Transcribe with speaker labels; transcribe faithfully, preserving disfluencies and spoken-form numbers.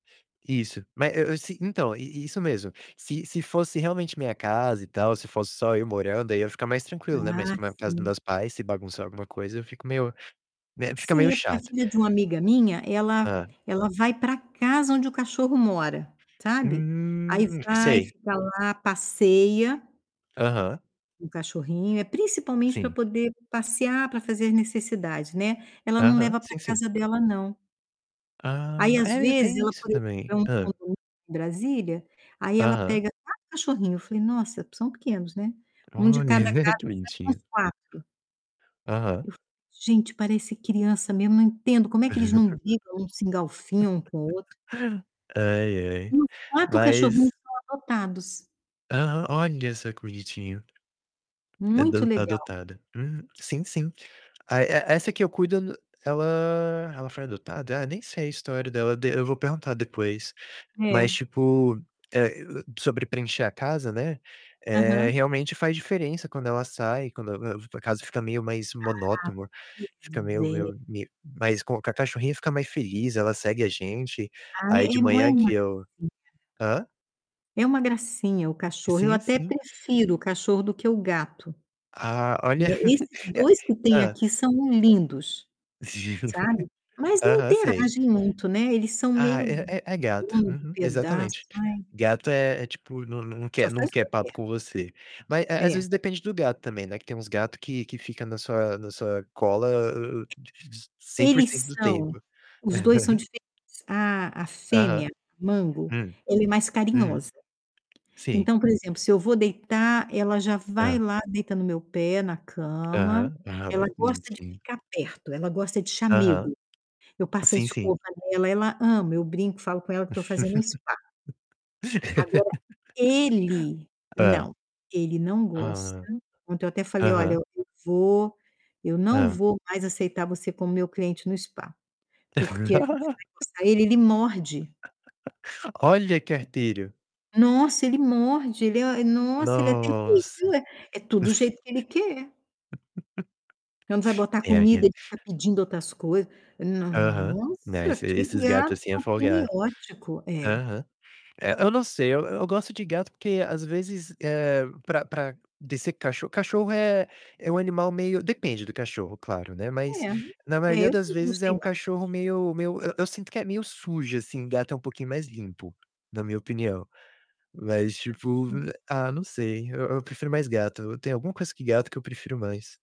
Speaker 1: Isso. Ma é eu eu se então, i isso mesmo. Se se fosse realmente minha casa e tal, se fosse só eu morando, aí, eu ia ficar mais tranquilo, né. Mas
Speaker 2: Ah,
Speaker 1: como é a casa do
Speaker 2: sim.
Speaker 1: meus pais, se bagunçar alguma coisa, eu fico meio né, fica meio
Speaker 2: Sim, é porque a
Speaker 1: chato.
Speaker 2: filha de uma amiga minha, ela
Speaker 1: Hã?
Speaker 2: ela vai para casa onde o cachorro mora, sabe? Aí
Speaker 1: Hum,
Speaker 2: vai,
Speaker 1: sei.
Speaker 2: fica lá, passeia
Speaker 1: Aham.
Speaker 2: com o cachorrinho. É principalmente para
Speaker 1: Sim.
Speaker 2: poder passear para fazer as necessidades, né. Ela não
Speaker 1: Aham,
Speaker 2: leva para
Speaker 1: sim sim.
Speaker 2: casa dela não. Aí,
Speaker 1: Ah,
Speaker 2: às
Speaker 1: é, eu
Speaker 2: vezes,
Speaker 1: tenho
Speaker 2: ela,
Speaker 1: isso
Speaker 2: por
Speaker 1: também.
Speaker 2: exemplo,
Speaker 1: Hã?
Speaker 2: Brasília, aí ela
Speaker 1: Aham.
Speaker 2: pega quatro cachorrinho. Eu falei: "Nossa, são pequenos, né?". um de
Speaker 1: Olha, é
Speaker 2: cada
Speaker 1: ver
Speaker 2: casa,
Speaker 1: que
Speaker 2: são
Speaker 1: bonitinho.
Speaker 2: uns quatro.
Speaker 1: Aham.
Speaker 2: "Gente, parece criança mesmo". Não entendo como é que eles não brigam, não se engaufiam um com o outro?
Speaker 1: Ai, ai.
Speaker 2: E os quatro cachorrinhos
Speaker 1: Mas
Speaker 2: são adotados.
Speaker 1: Aham. Olha só que bonitinho. É
Speaker 2: Muito
Speaker 1: do
Speaker 2: legal.
Speaker 1: adotada. Hum. Sim, sim. Ai, e essa que eu cuido não, ela, ela foi adotada? Ah, nem sei a história dela, de eu vou perguntar depois.
Speaker 2: É.
Speaker 1: Mas, tipo, eh, e o sobre preencher a casa, né. Eh,
Speaker 2: Aham.
Speaker 1: realmente, faz diferença quando ela sai, quando eu eu vou pra casa fica meio mais
Speaker 2: Ah,
Speaker 1: monotomoa, fica meio
Speaker 2: pois é.
Speaker 1: meio meio mais com com a cachorrinha fica mais feliz, ela segue a gente.
Speaker 2: Ah,
Speaker 1: Aí,
Speaker 2: é.
Speaker 1: de
Speaker 2: E não é
Speaker 1: manhã
Speaker 2: uma
Speaker 1: que eu
Speaker 2: gracinha?
Speaker 1: Hã?
Speaker 2: É uma gracinha o cachorro. Eu
Speaker 1: Sim,
Speaker 2: até
Speaker 1: sim.
Speaker 2: prefiro o cachorro do que o gato.
Speaker 1: Ah, olha
Speaker 2: Né, esses
Speaker 1: e aí,
Speaker 2: dois que tem
Speaker 1: hã?
Speaker 2: aqui são lindos. Sabe? Mas não
Speaker 1: Aham, sei.
Speaker 2: interagem muito, né, eles são
Speaker 1: Ah,
Speaker 2: meio
Speaker 1: é é é gato.
Speaker 2: dono do
Speaker 1: Uhum,
Speaker 2: pedaço.
Speaker 1: exatamente.
Speaker 2: Ai.
Speaker 1: Gato é é tipo nã na não
Speaker 2: Só
Speaker 1: quer não
Speaker 2: faz o
Speaker 1: quer
Speaker 2: que
Speaker 1: papo
Speaker 2: quer.
Speaker 1: com você. Mas, eh, às
Speaker 2: É.
Speaker 1: vezes, depende do gato também, né? Que tem uns gato que que fica na sua na sua cola hã hã di di cem por cento
Speaker 2: Eles
Speaker 1: do
Speaker 2: são.
Speaker 1: tempo.
Speaker 2: Os dois são diferentes. A a
Speaker 1: Aham.
Speaker 2: fêmea, Mango,
Speaker 1: Hum.
Speaker 2: ela é mais
Speaker 1: Uhum.
Speaker 2: carinhosa.
Speaker 1: Sim.
Speaker 2: Então, por exemplo, se eu vou deitar, ela já vai
Speaker 1: Hã.
Speaker 2: lá, deita no meu pé, na cama.
Speaker 1: Aham,
Speaker 2: Ela
Speaker 1: aham.
Speaker 2: gosta de
Speaker 1: Bonitinho.
Speaker 2: ficar perto, ela gosta de
Speaker 1: Aham,
Speaker 2: chamego. Eu passo a
Speaker 1: sim, sim.
Speaker 2: escova nela, ela ama. Eu brinco, falo com ela que tô fazendo um spa. Agora, ele
Speaker 1: Hã?
Speaker 2: não. Ele não
Speaker 1: Ah,
Speaker 2: gosta.
Speaker 1: hã.
Speaker 2: Ontem, eu até falei: "Olha,
Speaker 1: Aham.
Speaker 2: eu vou eu não
Speaker 1: Hã.
Speaker 2: vou mais aceitar você como meu cliente no spa". Porque a gente vai coçar ele, ele morde.
Speaker 1: Olha que arterio.
Speaker 2: Nossa! Ele morde, ele é nossa, ele é
Speaker 1: Nossa.
Speaker 2: terrível. É tudo do jeito que ele quer. Quando vai botar
Speaker 1: É aí, eh
Speaker 2: comida, ele fica pedindo outras coisas. "Não
Speaker 1: Aham. Não,
Speaker 2: nossa,
Speaker 1: esse
Speaker 2: que
Speaker 1: esses gato
Speaker 2: gato
Speaker 1: assim é
Speaker 2: ao pene
Speaker 1: folgado.
Speaker 2: ótico". É.
Speaker 1: Aham. Eh, eu não sei. Eu gosto de gato, porque, às vezes, eh, para para de ser cachorro cachorro é é um animal meio depende do cachorro, claro, né, mas
Speaker 2: É.
Speaker 1: na
Speaker 2: É,
Speaker 1: maioria
Speaker 2: eu
Speaker 1: das
Speaker 2: sempre
Speaker 1: vezes é
Speaker 2: gostei
Speaker 1: um
Speaker 2: mais de
Speaker 1: cachorro
Speaker 2: cachorro.
Speaker 1: meio meio, eu eu sinto que é meio sujo, assim, gato é um pouquinho mais limpo, na minha opinião. Mas, tipo,
Speaker 2: Gatinho.
Speaker 1: eh, ah, não sei, eu eu prefiro mais gato. Tem alguma coisa que gato que eu prefiro mais.